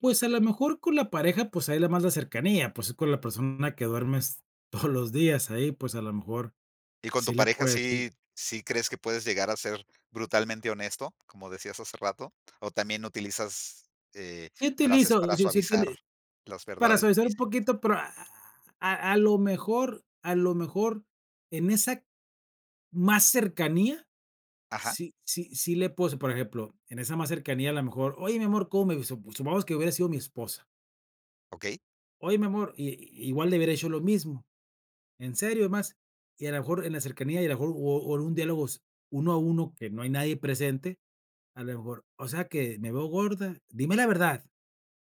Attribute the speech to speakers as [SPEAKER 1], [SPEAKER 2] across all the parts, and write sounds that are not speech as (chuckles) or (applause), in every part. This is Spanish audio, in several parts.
[SPEAKER 1] Pues, a la mejor con la pareja, pues, ahí la más, la cercanía, pues, es con la persona que duermes todos los días ahí, pues, a lo mejor,
[SPEAKER 2] ¿Y con
[SPEAKER 1] sí
[SPEAKER 2] tu
[SPEAKER 1] le
[SPEAKER 2] pareja
[SPEAKER 1] puede decir
[SPEAKER 2] sí sí crees que puedes llegar a ser brutalmente honesto, como decías hace rato, o también utilizas, eh,
[SPEAKER 1] Sí
[SPEAKER 2] frases
[SPEAKER 1] utilizo,
[SPEAKER 2] para
[SPEAKER 1] sí, sí,
[SPEAKER 2] suavizar
[SPEAKER 1] utili
[SPEAKER 2] las
[SPEAKER 1] para
[SPEAKER 2] verdades
[SPEAKER 1] suavizar un
[SPEAKER 2] difíciles?
[SPEAKER 1] poquito, pero, a a a lo mejor a lo mejor, en esa más cercanía,
[SPEAKER 2] Ajá.
[SPEAKER 1] sí sí sí le puse, por ejemplo, en esa más cercanía, a lo mejor: "Oye, mi amor, ¿cómo me visto?". Su supongamos que hubiera sido mi esposa
[SPEAKER 2] Okey.
[SPEAKER 1] "Oye, mi amor", i igual le hubiera dicho lo mismo. En serio, es más, y a lo mejor en la cercanía, y a lo mejor, o o en un diálogo s 1 a 1 que no hay nadie presente, a lo mejor: "O sea que, ¿Me veo gorda? ¡Dime la verdad!"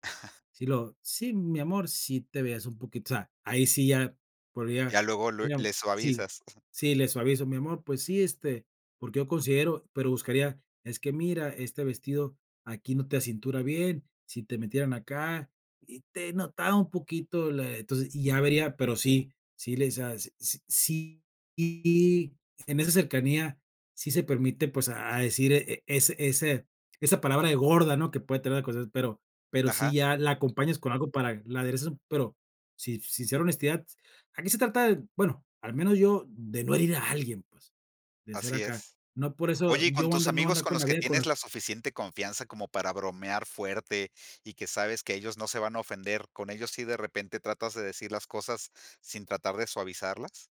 [SPEAKER 2] (chuckles)
[SPEAKER 1] Si luego: "Sí, mi amor, sí te veías un poquito", o sea, ahí sí ya podría,
[SPEAKER 2] Ya luego, lue
[SPEAKER 1] mira
[SPEAKER 2] le
[SPEAKER 1] si
[SPEAKER 2] suavizas. (coughs)
[SPEAKER 1] si le suavizo: "Mi amor, pues sí, este, porque yo considero", pero buscaría: "Es que mira, este vestido aquí no te acintura bien, si te metieran acá y te notaba un poquito la" Entonces, y ya vería pero sí, sí le hice a s s sí, y en esa cercanía sí se permite, pues, a decir e e ese ese esa palabra de gorda, ¿no? Que puede traer cosas, pero pero sí
[SPEAKER 2] Ajá.
[SPEAKER 1] ya la acompañas con algo para la aderezas u pero, si sincera honestidad, aquí se trata de, bueno, al menos yo, de no herir a alguien, pues, de ser
[SPEAKER 2] Así
[SPEAKER 1] acá.
[SPEAKER 2] es.
[SPEAKER 1] No por eso,
[SPEAKER 2] Oye, y
[SPEAKER 1] yo
[SPEAKER 2] con
[SPEAKER 1] voy
[SPEAKER 2] tus
[SPEAKER 1] andar no voy
[SPEAKER 2] amigos
[SPEAKER 1] andar
[SPEAKER 2] con
[SPEAKER 1] con
[SPEAKER 2] los
[SPEAKER 1] la
[SPEAKER 2] que
[SPEAKER 1] vida, con
[SPEAKER 2] tienes
[SPEAKER 1] la
[SPEAKER 2] la suficiente confianza como para bromear fuerte y que sabes que ellos no se van a ofender, ¿con ellos sí de repente tratas de decir las cosas sin tratar de suavizarlas?